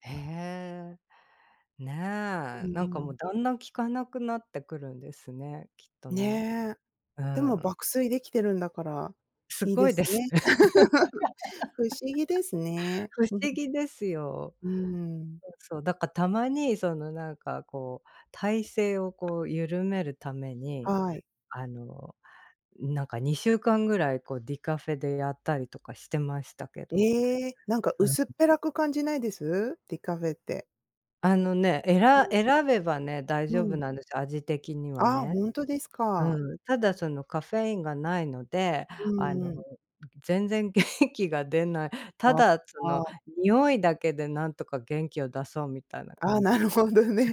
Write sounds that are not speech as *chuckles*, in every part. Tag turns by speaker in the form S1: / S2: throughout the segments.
S1: へえ。ね
S2: う
S1: え、なんか
S2: ー
S1: もう
S2: ん。
S1: だんだん効かなくなってくるんですね、きっとね。
S2: ね。
S1: う
S2: でも、
S1: ん。
S2: 爆睡できてるんだから、
S1: す
S2: いい
S1: ご
S2: で
S1: いで
S2: す
S1: す。
S2: ね。*laughs* 不思議です
S1: *laughs*
S2: ね。
S1: 不
S2: う
S1: 思
S2: ん。
S1: 議ですよ。
S2: うん。
S1: うん、そう、だか、たまにその何かこう、体勢をこう緩めるために、
S2: はい。
S1: あの、なんか2週間ぐらいこうディカフェでやったりとかしてましたけど。
S2: ええ、なんか
S1: うん。
S2: 薄っぺらく感じないです？ディカフェって。
S1: あのね、え
S2: う
S1: ら
S2: ん。
S1: 選べばね、大
S2: う
S1: 丈夫
S2: ん。
S1: なんですよ、味的には
S2: ああ、
S1: ね。
S2: ほんとですか。
S1: うん、ただそのカフェインがないので、
S2: う
S1: あ
S2: ん
S1: の、
S2: うん。
S1: 全然元気が出ない。た
S2: あ、
S1: だその
S2: ああ。
S1: 匂いだけでなんとか元気を出そうみたいな
S2: ああ、
S1: 感
S2: な
S1: じ。
S2: るほどね。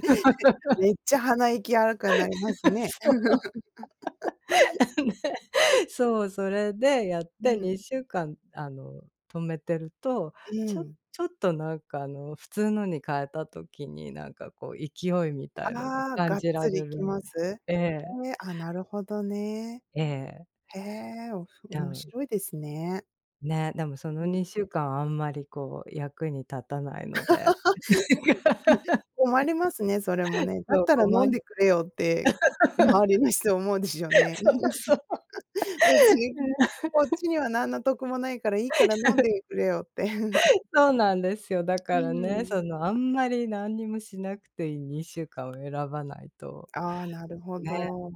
S2: めっちゃ鼻息荒くなりますね。*laughs*
S1: そう。ね、そう、それでやっ
S2: う
S1: て
S2: ん。
S1: 2週間、あの、止めてると、
S2: う
S1: ちょ
S2: ん。
S1: ちょっと何かあの普通のに変えた時に、なんかこう勢いみたいのが
S2: ああ、
S1: 感
S2: がっ
S1: じら
S2: つりい
S1: れ
S2: き
S1: るん
S2: ます？
S1: ええ。
S2: ええ、ああ、なるほどね。
S1: ええ。
S2: へえ。お、すご、
S1: う
S2: 面
S1: ん。
S2: 白いですね。
S1: ね、でもそ
S2: う
S1: の
S2: ん。
S1: 2週間はあんまりこう役に立たないので。
S2: *laughs* 困りますね、それも
S1: *laughs*
S2: ね。だっ
S1: そう、
S2: た
S1: た
S2: ら飲
S1: ま
S2: ん
S1: に。
S2: でくれよって、周りの人思うでしょう
S1: *laughs*
S2: ね。
S1: そうそう。
S2: 別に、
S1: うん。
S2: こっちには何の得もないから、いいから飲んでくれよって。*chuckles*
S1: *laughs* そうなんですよ、だ
S2: う
S1: からね、
S2: ん。
S1: そのあんまり何にもしなくていい2週間を選ばないと、
S2: ああ、なる
S1: ね。
S2: ほ
S1: *chuckles*
S2: ど。う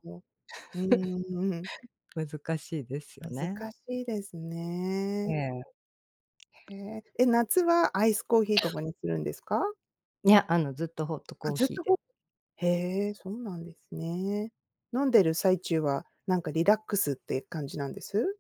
S2: ーん、うん。
S1: 難しいですよ
S2: 難し
S1: ね。
S2: いです
S1: え
S2: ね。
S1: え。
S2: へえ。え、夏はアイスコーヒーと
S1: *coughs*
S2: かにするんですか？
S1: ね、あの、ずっとホット
S2: あ、
S1: コー
S2: ずっ
S1: ヒー
S2: とホ
S1: で
S2: へえ、そうなんですね。飲んでる最中は、何かリラックスって感じなんです？